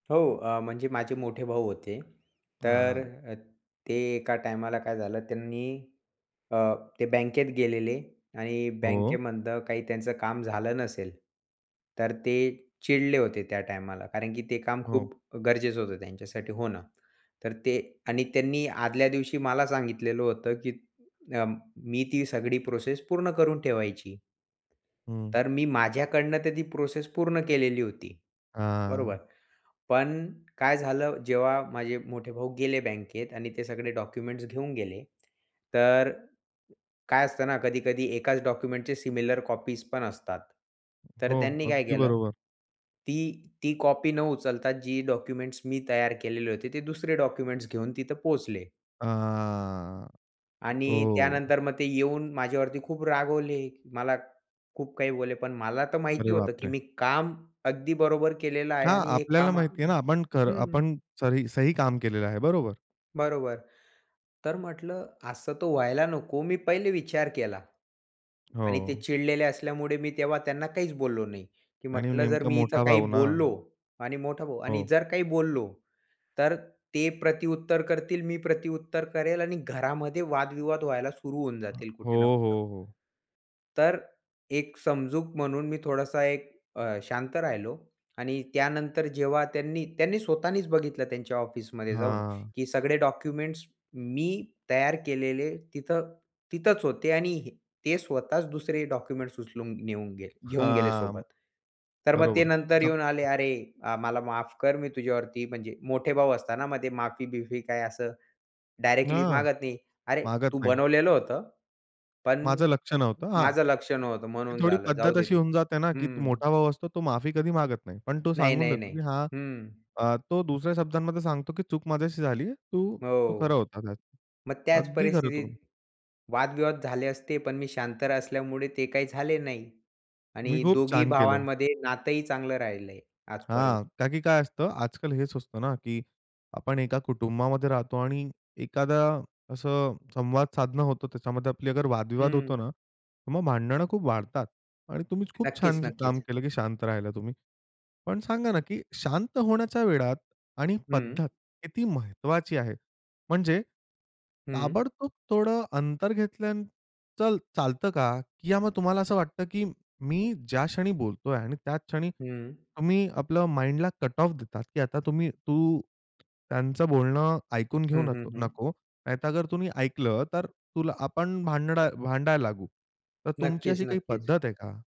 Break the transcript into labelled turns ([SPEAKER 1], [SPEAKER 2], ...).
[SPEAKER 1] हो आ, म्हणजे माझे मोठे भाऊ होते, तर
[SPEAKER 2] हां.
[SPEAKER 1] अ, ते एका टाइमाला काय झालं त्यांनी अ, ते बँकेत गेलेले आणि
[SPEAKER 2] हो.
[SPEAKER 1] बँकेमधनं काही त्यांचं काम झालं नसेल, तर ते चिडले होते त्या टायमाला, कारण की ते काम
[SPEAKER 2] हो.
[SPEAKER 1] खूप गरजेचं होतं त्यांच्यासाठी होणं. तर ते आणि त्यांनी आदल्या दिवशी मला सांगितलेलं होतं, की अं, मी ती सगळी प्रोसेस पूर्ण करून ठेवायची.
[SPEAKER 2] हं.
[SPEAKER 1] तर मी माझ्याकडनं तर ती प्रोसेस पूर्ण केलेली होती, बरोबर.
[SPEAKER 2] हां.
[SPEAKER 1] पण काय झालं, जेव्हा माझे मोठे भाऊ गेले बँकेत आणि ते सगळे डॉक्युमेंट्स घेऊन गेले. तर काय असतं ना, कधी-कधी एकाच डॉक्युमेंटच्या सिमिलर कॉपीज पण असतात. तर
[SPEAKER 2] हो,
[SPEAKER 1] त्यांनी काय
[SPEAKER 2] अगदी
[SPEAKER 1] केलं,
[SPEAKER 2] बरोबर.
[SPEAKER 1] ती ती कॉपी न उचलता, जी डॉक्युमेंट्स मी तयार केलेले होते, ते दुसरे डॉक्युमेंट्स घेऊन तिथे पोहोचले.
[SPEAKER 2] अ,
[SPEAKER 1] आणि
[SPEAKER 2] हो.
[SPEAKER 1] त्यानंतर मग ते येऊन माझ्यावरती खूप रागवले. मला खूप काही बोलले, पण मला तर माहिती
[SPEAKER 2] अरे
[SPEAKER 1] होतं, की
[SPEAKER 2] बापरे!
[SPEAKER 1] मी काम अगदी बरोबर केलेलं आहे
[SPEAKER 2] हां,
[SPEAKER 1] आणि हे
[SPEAKER 2] आपल्याला
[SPEAKER 1] काम
[SPEAKER 2] माहिती आहे ना, आपण खरं
[SPEAKER 1] हं.
[SPEAKER 2] आपण सही सही काम केलेलं आहे. बरोबर.
[SPEAKER 1] बरोबर. तर म्हटलं, असं तर व्हायला नको. मी पहिले विचार केला आणि ते
[SPEAKER 2] हो.
[SPEAKER 1] चिडलेले असल्यामुळे मी तेव्हा त्यांना काहीच बोललो नाही. की
[SPEAKER 2] आणि
[SPEAKER 1] म्हटलं, जर
[SPEAKER 2] नेमका
[SPEAKER 1] मी इथे
[SPEAKER 2] मोठा
[SPEAKER 1] काही
[SPEAKER 2] भाऊ ना.
[SPEAKER 1] बोललो आणि मोठा भाऊ आणि
[SPEAKER 2] हो.
[SPEAKER 1] जर काही बोललो, तर ते प्रतिउत्तर करतील, मी प्रतिउत्तर करेन आणि घरामध्ये वादविवाद व्हायला सुरू होऊन
[SPEAKER 2] अहं,
[SPEAKER 1] जातील
[SPEAKER 2] हो,
[SPEAKER 1] कुठे ना कुठे.
[SPEAKER 2] हो, हो.
[SPEAKER 1] तर एक समजूक म्हणून मी थोडासा एक अ, शांत राहिलो. आणि त्यानंतर जेव्हा त्यांनी स्वतःनीच बघितलं त्यांच्या ऑफिसमध्ये जाऊन,
[SPEAKER 2] हां.
[SPEAKER 1] की सगळे डॉक्युमेंट्स मी तयार केलेले तिथे तिथेच होते आणि ते स्वतःच दुसरे डॉक्युमेंट्स उचलून नेऊन घेऊन गेले
[SPEAKER 2] हां,
[SPEAKER 1] सोबत. तर मग ते
[SPEAKER 2] बरोबर.
[SPEAKER 1] नंतर
[SPEAKER 2] मतलब
[SPEAKER 1] येऊन आले, अरे, अ, मला माफ कर मी तुझ्यावरती म्हणजे मोठे भाऊ असताना मध्ये माफी बिफी काय असं डायरेक्टली
[SPEAKER 2] हां,
[SPEAKER 1] मागत नाही. "अरे,
[SPEAKER 2] मागत
[SPEAKER 1] तू
[SPEAKER 2] नाही.
[SPEAKER 1] बनवलेलं होतं, पण
[SPEAKER 2] माझं लक्ष नव्हतं. हां,
[SPEAKER 1] माझं लक्ष नव्हतं
[SPEAKER 2] ती
[SPEAKER 1] म्हणून
[SPEAKER 2] थोडी
[SPEAKER 1] झालं, जाऊ
[SPEAKER 2] पद्धत
[SPEAKER 1] दे
[SPEAKER 2] अशी
[SPEAKER 1] ते."
[SPEAKER 2] होऊन जाते ना, की तू
[SPEAKER 1] हं.
[SPEAKER 2] मोठा भाऊ असतो तो माफी कधी मागत नाही. पण तो
[SPEAKER 1] नाही,
[SPEAKER 2] सांगून
[SPEAKER 1] नाही,
[SPEAKER 2] देतो
[SPEAKER 1] नाही.
[SPEAKER 2] की हां,
[SPEAKER 1] हं.
[SPEAKER 2] अ, तो दुसऱ्या शब्दांमध्ये सांगतो की चूक माझ्याशी झालीये. तू, तू
[SPEAKER 1] हो,
[SPEAKER 2] खरं होता. खरं,
[SPEAKER 1] मग त्याच
[SPEAKER 2] अगदी खरं
[SPEAKER 1] परिस्थितीत
[SPEAKER 2] तू
[SPEAKER 1] वादविवाद झाले असते, पण मी शांत असल्यामुळे ते काही झाले नाही.
[SPEAKER 2] तुम्ही
[SPEAKER 1] आणि
[SPEAKER 2] खूप
[SPEAKER 1] दोघी
[SPEAKER 2] छान केलं.
[SPEAKER 1] भावांमध्ये नातही चांगलं राहिलंय
[SPEAKER 2] हां,
[SPEAKER 1] आजपर्यंत.
[SPEAKER 2] कारण की काय असतं आजकाल हेच सुचतं ना, की आपण एका कुटुंबामध्ये राहतो आणि एखादं असं संवाद साधणं होतं, त्याच्यामध्ये आपला वादविवाद होतो
[SPEAKER 1] हं.
[SPEAKER 2] ना, तर मग भांडणं खूप वाढतात आणि तुम्हीच खूप
[SPEAKER 1] नक्कीच,
[SPEAKER 2] छान काम
[SPEAKER 1] नक्कीच.
[SPEAKER 2] केलं की शांत राहिलात तुम्ही. पण सांगा ना, की शांत होण्याच्या वेळात आणि
[SPEAKER 1] हं.
[SPEAKER 2] पद्धत किती महत्त्वाची आहे. म्हणजे
[SPEAKER 1] हं.
[SPEAKER 2] ताबडतोब थोडं अंतर घेतल्यानंतर चल चालतं का किंवा मग तुम्हाला असं वाटतं, की मी ज्या क्षणी बोलतोय आणि त्याच क्षणी
[SPEAKER 1] हं.
[SPEAKER 2] तुम्ही आपल्या माइंडला कटऑफ देतात की आता तुम्ही तू त्यांचं बोलणं ऐकून घेऊ
[SPEAKER 1] हं,
[SPEAKER 2] न
[SPEAKER 1] हं, हं.
[SPEAKER 2] नको, नाहीतर अगर तुम्ही ऐकलंत, तर तुल आपण भांडणं भांडायला लागू. तर तुमची
[SPEAKER 1] नक्कीच,
[SPEAKER 2] अशी काही
[SPEAKER 1] नक्कीच.
[SPEAKER 2] पद्धत आहे का?